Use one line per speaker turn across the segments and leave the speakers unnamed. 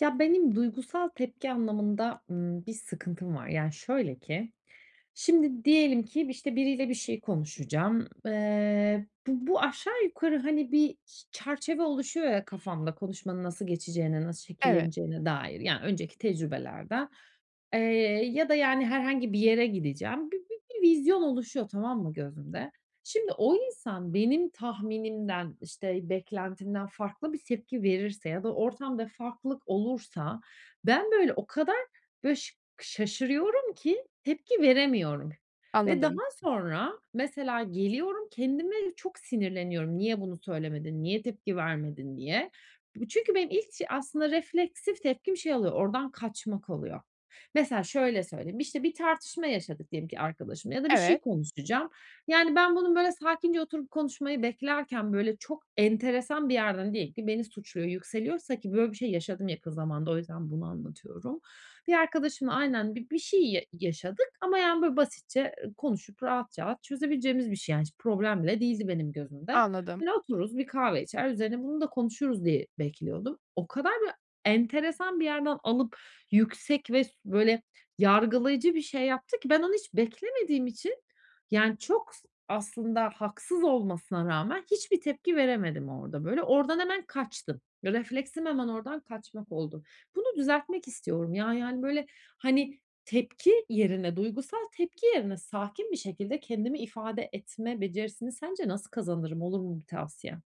Ya, benim duygusal tepki anlamında, ımm, bir sıkıntım var. Yani, şöyle ki, şimdi, diyelim ki, işte, biriyle bir şey konuşacağım. Eee, bu bu aşağı yukarı, hani, bir çerçeve oluşuyor ya kafanda konuşmanın nasıl geçeceğine, nasıl
Evet.
şekilleneceğine dair, ya önceki tecrübelerden. Eee, ya da, yani, herhangi bir yere gideceğim, bi bi bir vizyon oluşuyor tamam mı gözümde. Şimdi, o insan benim tahminimden, işte, beklentimden farklı bir tepki verirse ya da ortamda farklılık olursa, ben, böyle, o kadar böy ş şaşırıyorum ki tepki veremiyorum ve
Anladım.
daha sonra, mesela geliyorum kendime de çok sinirleniyorum, "Niye bunu söylemedin, niye tepki vermedin?" diye. B çünkü benim ilk aslında refleksif tepkim şey oluyor, oradan kaçmak oluyor. Mesela şöyle söyleyeyim, işte, bir tartışma yaşadık diyelim ki, arkadaşımla ya da bir şey
Evet.
konuşacağım. Yani, ben bunun, böyle, sakince oturup konuşmayı beklerken böyle çok enteresan bir yerden diyelim ki beni suçluyor, yükseliyorsa ki, böyle bir şey yaşadım yakın zamanda, o yüzden bunu anlatıyorum. Bir arkadaşımla aynen bi bir şey ya yaşadık. Ama, yani, böyle basitçe konuşup rahat, rahat çözebileceğimiz bir şey, yani. Hiç problem bile değildi benim gözümde.
Anladım.
Böyle otururuz, bir kahve içer, üzerine bunu da konuşuruz diye bekliyordum. O kadar, böyle, enteresan bir yerden alıp yüksek ve s böyle yargılayıcı bir şey yaptı ki, ben onu hiç beklemediğim için, yani, çok s aslında haksız olmasına rağmen hiçbir tepki veremedim orada böyle. Oradan hemen kaçtım. Refleksim hemen oradan kaçmak oldu. Bunu düzeltmek istiyorum. Ya, yani, böyle, hani, tepki yerine, duygusal tepki yerine sakin bir şekilde kendimi ifade etme becerisini sence nasıl kazanırım, olur mu bir tavsiyen?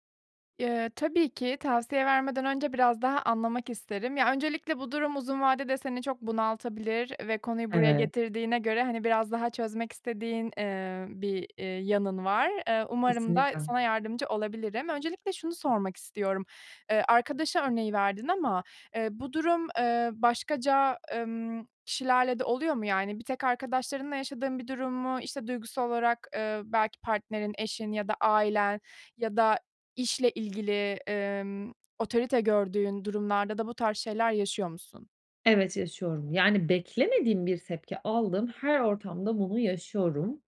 Iıı, tabii ki. Tavsiye vermeden önce biraz daha anlamak isterim. Ya, öncelikle bu durum uzun vadede seni çok bunaltabilir ve konuyu buraya
Evet.
getirdiğine göre, hani, biraz daha çözmek istediğin, ııı, bir, ııı, yanın var. Iıı, umarım da
Kesinlikle.
sana yardımcı olabilirim. Öncelikle şunu sormak istiyorum, ııı, arkadaş örneği verdin ama, ııı, bu durum, ııı, başkaca, ımm, kişilerle de oluyor mu, yani, bir tek arkadaşlarınla yaşadığın bir durum mu, işte, duygusal olarak, ııı, belki partnerin, eşin ya da ailen ya da işle ilgili, ımm, otorite gördüğün durumlarda da bu tarz şeyler yaşıyor musun?
Evet, yaşıyorum. Yani, beklemediğim bir tepki aldığım her ortamda bunu yaşıyorum.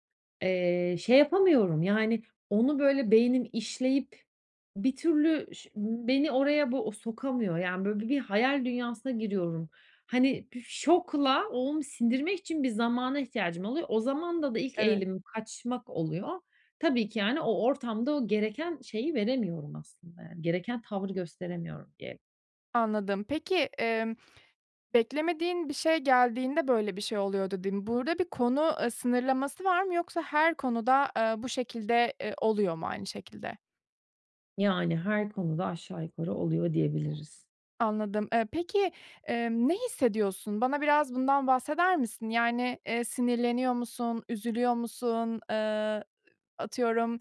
Eee, şey yapamıyorum, yani, onu böyle beynim işleyip bir türlü ş beni oraya bu sokamıyor. Yani, böyle bi bir hayal dünyasına giriyorum. Hani, şokla onu sindirmek için bir zamana ihtiyacım oluyor. O zamanda da ilk
Evet.
eğilimim kaçmak oluyor. Tabii ki, yani, o ortamda o gereken şeyi veremiyorum aslında, yani, gereken tavrı gösteremiyorum diyelim.
Anladım. Peki, emm, beklemediğin bir şey geldiğinde böyle bir şey oluyordu dedin. Burada bir konu, eee, sınırlaması var mı yoksa her konuda, eee, bu şekilde, eee, oluyor mu aynı şekilde?
Yani, her konuda aşağı yukarı oluyor diyebiliriz.
Anladım, eee, peki, emm, ne hissediyorsun? Bana biraz bundan bahseder misin? Yani, eee, sinirleniyor musun, üzülüyor musun, eee, atıyorum,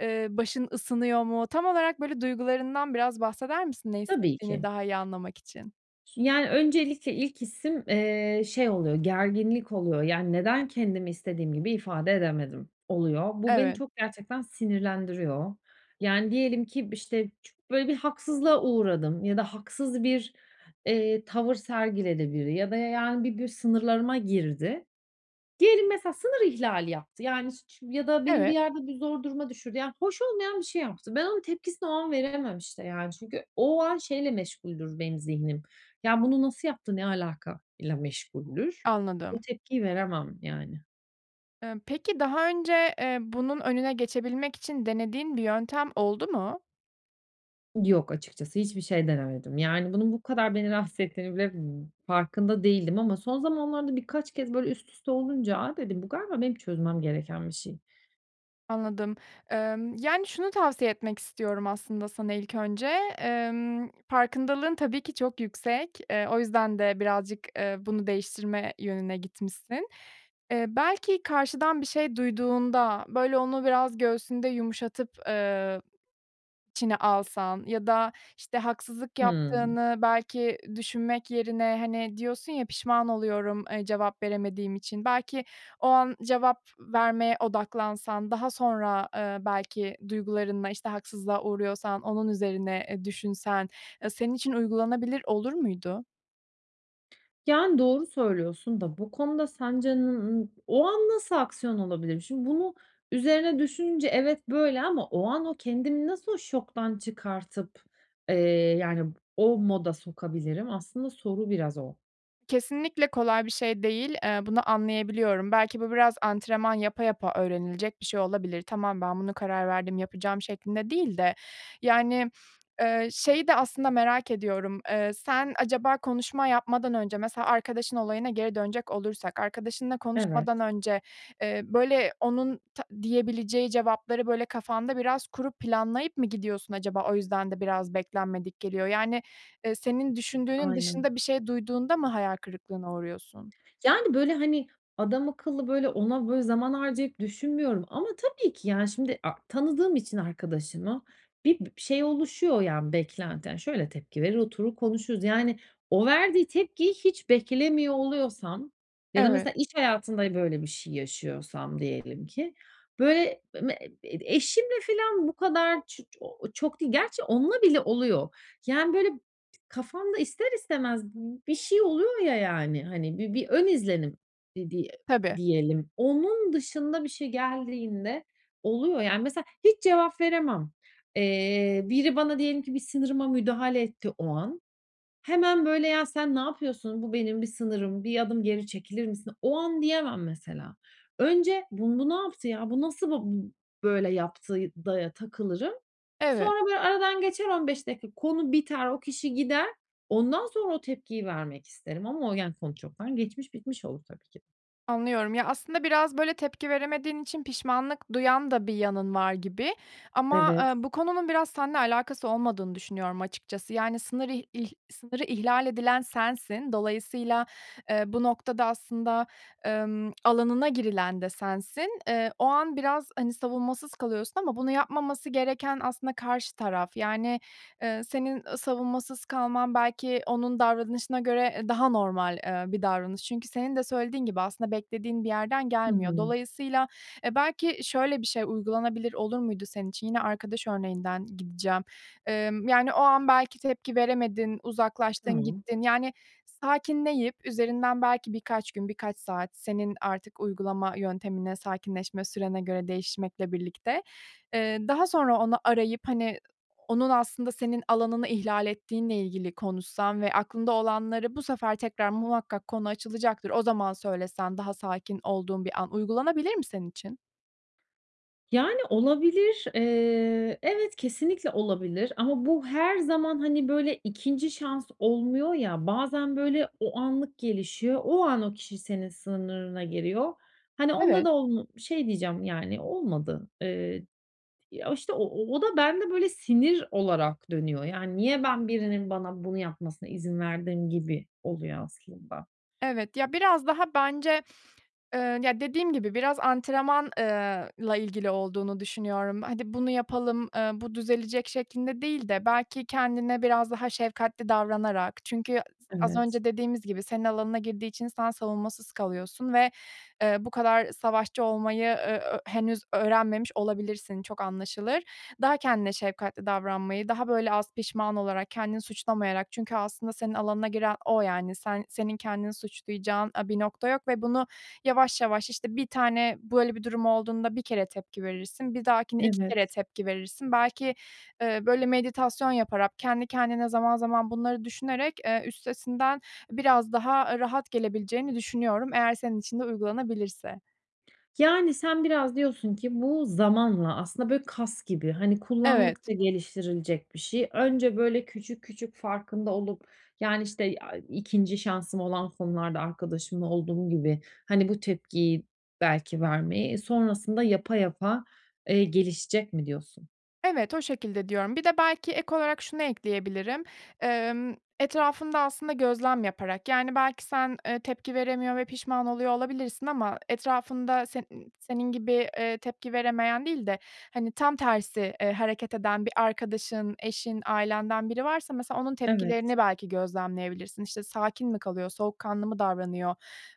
eee, başın ısınıyor mu? Tam olarak duygularından biraz bahseder misin? Ne
Tabii
hissettiğini
ki.
daha iyi anlamak için.
Yani, öncelikle ilk hissim, eee, şey oluyor, gerginlik oluyor, yani, neden kendimi istediğim gibi ifade edemedim oluyor. Bu beni
Evet.
çok gerçekten sinirlendiriyor. Yani, diyelim ki, işte, böyle bir haksızlığa uğradım ya da haksız bir, eee, tavır sergiledi biri ya da, yani, bir gün sınırlarıma girdi. Diyelim mesela sınır ihlali yaptı, yani, ş ş ya da benim bir
Evet.
yerde bir zor duruma düşürdü, yani, hoş olmayan bir şey yaptı. Ben onun tepkisini o an veremem, işte, yani. Çünkü o an şeyle meşguldür benim zihnim, ya bunu nasıl yaptı, ne alaka ile meşguldür. O
Anladım.
tepkiyi veremem, yani.
Emm, peki daha önce, eee, bunun önüne geçebilmek için denediğin bir yöntem oldu mu?
Yok, açıkçası, hiçbir şey denemedim. Yani, bunun bu kadar beni rahatsız ettiğini bile farkında değildim ama son zamanlarda birkaç kez, böyle, üst üste olunca, "A," dedim, "Bu galiba benim çözmem gereken bir şey."
Anladım. Emm, yani, şunu tavsiye etmek istiyorum aslında sana ilk önce, emm, farkındalığın tabii ki çok yüksek. Eee, o yüzden de birazcık, eee, bunu değiştirme yönüne gitmişsin. Eee, belki karşıdan bir şey duyduğunda, böyle, onu biraz göğsünde yumuşatıp, eee, içine alsan ya da, işte, haksızlık
Hımm.
yaptığını belki düşünmek yerine, hani, diyorsun ya, "Pişman oluyorum, eee, cevap veremediğim için." Belki o an cevap vermeye odaklansan, daha sonra, eee, belki duygularınla, işte, haksızlığa uğruyorsan onun üzerine, eee, düşünsen, eee, senin için uygulanabilir olur muydu?
Yani, doğru söylüyorsun da bu konuda sence, o an nasıl aksiyon alabilirim? Şimdi bunu üzerine düşününce evet, böyle ama o an o kendimi nasıl o şoktan çıkartıp, eee, yani, o moda sokabilirim? Aslında soru biraz o.
Kesinlikle kolay bir şey değil, eee, bunu anlayabiliyorum. Belki bu biraz antrenman yapa yapa öğrenilecek bir şey olabilir. "Tamam, ben buna karar verdim, yapacağım." şeklinde değil de, yani, eee şeyi de aslında merak ediyorum, eee, sen acaba konuşma yapmadan önce, mesela arkadaşın olayına geri dönecek olursak, arkadaşınla
Evet.
konuşmadan önce, eee, böyle, onun ta diyebileceği cevapları, böyle, kafanda biraz kurup planlayıp mı gidiyorsun acaba, o yüzden de biraz beklenmedik geliyor? Yani, eee, senin düşündüğünün
Aynen.
dışında bir şey duyduğunda mı hayal kırıklığına uğruyorsun?
Yani, böyle, hani, adamakıllı, böyle, ona, böyle, zaman harcayıp düşünmüyorum ama tabii ki, yani, şimdi, a tanıdığım için arkadaşımı bi bir şey oluşuyor, yani, beklenti, yani, şöyle tepki verir, oturur konuşuruz. Yani, o verdiği tepkiyi hiç beklemiyor oluyorsam ya da
Evet.
mesela iş hayatında böyle bir şey yaşıyorsam diyelim ki, böyle, me ed eşimle filan bu kadar ç o o çok değil. Gerçi onunla bile oluyor. Yani, böyle, kafamda ister istemez bi bir şey oluyor ya, yani, hani, bir bir ön izlenim di diye
Tabii.
diyelim. Onun dışında bir şey geldiğinde oluyor, yani Mesela hiç cevap veremem. Eee, biri bana diyelim ki bir sınırıma müdahale etti o an. Hemen, böyle, "Ya, sen ne yapıyorsun? Bu benim bir sınırım, bir adım geri çekilir misin?" o an diyemem mesela. Önce "Bun bu ne yaptı ya? Bu nasıl ba bu böyle yaptı?" da ya takılırım
Evet.
sonra, böyle, aradan geçer 15 dakika konu biter, o kişi gider, ondan sonra o tepkiyi vermek isterim ama o, yani, konu çoktan geçmiş, bitmiş olur tabii ki.
Anlıyorum. Ya, aslında biraz, böyle, tepki veremediğin için pişmanlık duyan da bir yanın var gibi. Ama,
Evet.
eee, bu konunun biraz seninle alakası olmadığını düşünüyorum açıkçası. Yani, sınırı i ih sınırı ihlal edilen sensin, dolayısıyla, eee, bu noktada aslında, emm, alanına girilen de sensin. Eee, o an biraz, hani, savunmasız kalıyorsun ama bunu yapmaması gereken aslında karşı taraf, yani, eee, senin, ııı, savunmasız kalman belki onun davranışına göre, eee, daha normal, eee, bir davranış. Çünkü senin de söylediğin gibi, aslında beklediğin bir yerden
Hı
gelmiyor.
hı.
Dolayısıyla eee, belki şöyle bir şey uygulanabilir olur muydu senin için? Yine arkadaş örneğinden gideceğim. Emm, yani, o an belki tepki veremedin, uzaklaştın
Tamam.
gittin. Yani, sakinleyip üzerinden belki birkaç gün, birkaç saat, senin artık uygulama yöntemine, sakinleşme sürene göre değişmekle birlikte, eee, daha sonra onu arayıp, hani, onun aslında senin alanını ihlal ettiğinle ilgili konuşsan ve aklında olanları bu sefer tekrar muhakkak konu açılacaktır, o zaman söylesen, daha sakin olduğun bir an. Uygulanabilir mi senin için?
Yani, olabilir. Eee, evet, kesinlikle olabilir ama bu her zaman, hani, böyle, 2'nci şans olmuyor ya, bazen, böyle, o anlık gelişiyor. O an, o kişi senin sınırına giriyor. Hani, onda
Evet.
da onu şey diyeceğim, yani, olmadı. Eee, ya, işte, o o da bende, böyle, sinir olarak dönüyor, yani, "Niye ben birinin bana bunu yapmasına izin verdim?" gibi oluyor aslında.
Evet, ya, biraz daha bence, eee, ya, dediğim gibi, biraz antrenman eee, la ilgili olduğunu düşünüyorum, "Hadi bunu yapalım, eee, bu düzelecek," şeklinde değil de, belki kendine biraz daha şefkatli davranarak, çünkü s az
Evet.
önce dediğimiz gibi, senin alanına girdiği için sen savunmasız kalıyorsun ve, eee, bu kadar savaşçı olmayı e ö henüz öğrenmemiş olabilirsin, çok anlaşılır. Daha kendine şefkatli davranmayı, daha, böyle, az pişman olarak, kendini suçlamayarak çünkü aslında senin alanına giren o, yani. Sen senin kendini suçlayacağın, eee, bir nokta yok ve bunu yavaş, yavaş, işte, 1 tane böyle bir durum olduğunda 1 kere tepki verirsin, bir dahakine 2
Evet.
kere tepki verirsin, belki, eee, böyle, meditasyon yaparak, kendi kendine zaman zaman bunları düşünerek, eee, üstesinden biraz daha, eee, rahat gelebileceğini düşünüyorum eğer senin için de uygulanabilirse.
Yani, sen biraz diyorsun ki, bu zamanla, aslında, böyle, kas gibi, hani,
Evet.
kullandıkça geliştirilecek bir şey. Önce, böyle, küçük, küçük farkında olup, yani, işte, aaa, 2'nci şansım olan konularda, arkadaşımla olduğum gibi, hani, bu tepkiyi belki vermeyi, e, sonrasında yapa yapa, eee, gelişecek mi diyorsun?
Evet, o şekilde diyorum. Bir de belki ek olarak şunu ekleyebilirim. Emm, etrafında aslında gözlem yaparak yani belki sen, eee, tepki veremiyor ve pişman oluyor olabilirsin. Ama etrafında senin senin gibi, eee, tepki veremeyen değil de hani tam tersi, eee, hareket eden bir arkadaşın eşin ailenden biri varsa mesela onun
Evet.
tepkilerini belki gözlemleyebilirsin. İşte, sakin mi kalıyor? Soğukkanlı mı davranıyor?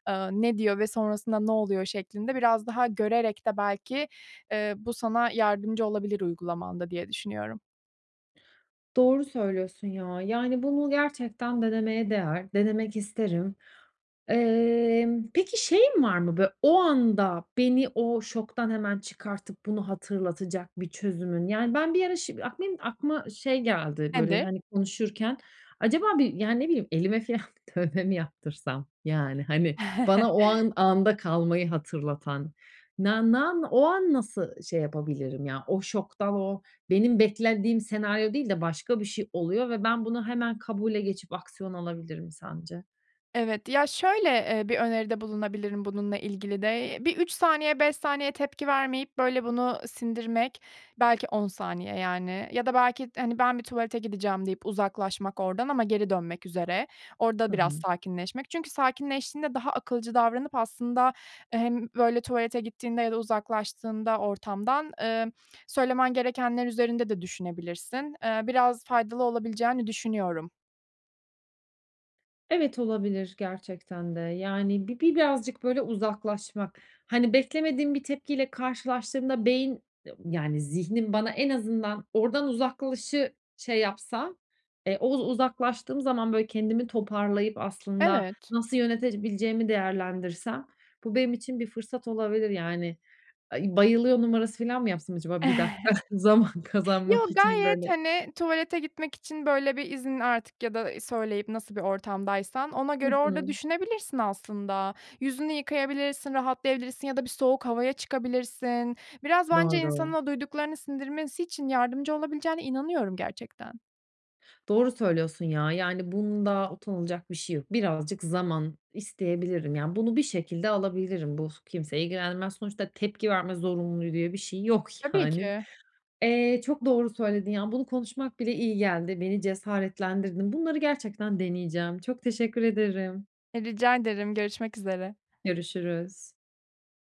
Iıı, ne diyor ve sonrasında ne oluyor şeklinde biraz daha görerek de belki, eee, bu sana yardımcı olabilir uygulamanda diye düşünüyorum.
Doğru söylüyorsun ya. Yani bunu gerçekten denemeye değer. Denemek isterim. Emm, peki, şeyin var mı bö o anda beni o şoktan hemen çıkartıp bunu hatırlatacak bir çözümün? Yani ben bir ara şim benim de aklıma şey geldi, böyle,
Nedir?
hani, konuşurken acaba bir yani, ne bileyim, elime filan dövme mi yaptırsam? Yani hani bana o an anda kalmayı hatırlatan nan nan o an nasıl şey yapabilirim ya? O şoktan, o benim beklendiğim senaryo değil de başka bir şey oluyor ve ben bunu hemen kabule geçip aksiyon alabilirim sence?
Evet, ya şöyle, eee, bir öneride bulunabilirim bununla ilgili de: Bir 3 saniye, 5 saniye tepki vermeyip böyle bunu sindirmek belki 10 saniye yani ya da belki, hani ben bir tuvalete gideceğim deyip uzaklaşmak oradan ama geri dönmek üzere, orada
Hı
biraz
hı.
sakinleşmek. Çünkü sakinleştiğinde daha akılcı davranıp aslında hem böyle tuvalete gittiğinde ya da uzaklaştığında ortamdan, ımm, söylemen gerekenler üzerinde de düşünebilirsin. Iıı, biraz faydalı olabileceğini düşünüyorum.
Evet, olabilir gerçekten de. Yani, bi birazcık böyle uzaklaşmak. Hani, beklemediğim bir tepkiyle karşılaştığımda beyin, [unintelligible] yani zihnim bana en azından oradan "uzaklaş"ı şey yapsa, eee, oz uzaklaştığım zaman böyle kendimi toparlayıp aslında
Evet.
nasıl yönetebileceğimi değerlendirsem bu benim için bir fırsat olabilir yani. Eee, bayılıyor numarası filan mı yapsam acaba bir dakika zaman kazanmak
Yo,
için
gayet,
böyle.
hani, tuvalete gitmek için böyle bir izin artık ya da söyleyip nasıl bir ortamdaysan ona
Hı
göre orada
hı.
düşünebilirsin aslında. Yüzünü yıkayabilirsin, rahatlayabilirsin ya da bir soğuk havaya çıkabilirsin. Biraz bence insanın
Doğru.
o duyduklarını sindirmesi için yardımcı olabileceğine inanıyorum gerçekten.
Doğru söylüyorsun ya, yani bunda utanılacak bir şey yok. Birazcık zaman isteyebilirim, yani bunu bir şekilde alabilirim, bu kimseyi ilgilendirmez, sonuçta tepki verme zorunluluğu diye bir şey yok
Tabii
yani.
ki.
Eee, çok doğru söyledin ya, bunu konuşmak bile iyi geldi. Beni cesaretlendirdin. Bunları gerçekten deneyeceğim. Çok teşekkür ederim.
E, rica ederim. Görüşmek üzere.
Görüşürüz.